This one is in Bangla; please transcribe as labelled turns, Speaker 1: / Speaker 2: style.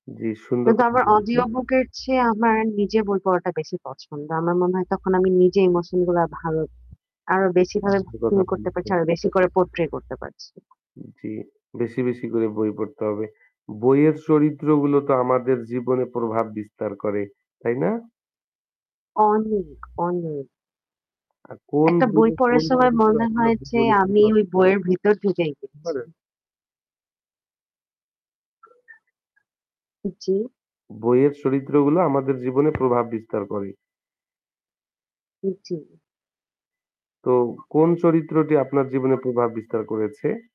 Speaker 1: জ্বি সুন্দর
Speaker 2: কিন্তু
Speaker 1: কথা
Speaker 2: আমার
Speaker 1: বলেছেন।
Speaker 2: অডিও বুকের চেয়ে আমার নিজে বই পড়াটা বেশি পছন্দ। আমার মনে হয় তখন আমি নিজে ইমোশন গুলা ভালো আরো বেশি ভাবে
Speaker 1: সুন্দর
Speaker 2: ফিল
Speaker 1: কথা
Speaker 2: করতে পারছি।
Speaker 1: বলেছেন।
Speaker 2: আরো বেশি করে পোর্ট্রে করতে পারছি।
Speaker 1: উম জ্বি। বেশি, বেশি করে বই পড়তে হবে। বইয়ের চরিত্রগুলো তো আমাদের জীবনে প্রভাব বিস্তার করে, তাই না?
Speaker 2: অনেক, অনেক!
Speaker 1: আর কোন
Speaker 2: একটা বই
Speaker 1: বইয়ে কোন
Speaker 2: পড়ার সময়
Speaker 1: চরিত্র
Speaker 2: মনে
Speaker 1: আপনার
Speaker 2: হয় যে
Speaker 1: জীবনে
Speaker 2: আমি
Speaker 1: প্রভাব
Speaker 2: ওই
Speaker 1: বিস্তার
Speaker 2: বইয়ের ভিতর ঢুকে গেছি।
Speaker 1: ধরেন
Speaker 2: উ জ্বি।
Speaker 1: বইয়ের চরিত্রগুলো আমাদের জীবনে প্রভাব বিস্তার করে।
Speaker 2: উ জ্বি।
Speaker 1: তো কোন চরিত্রটি আপনার জীবনে প্রভাব বিস্তার করেছে?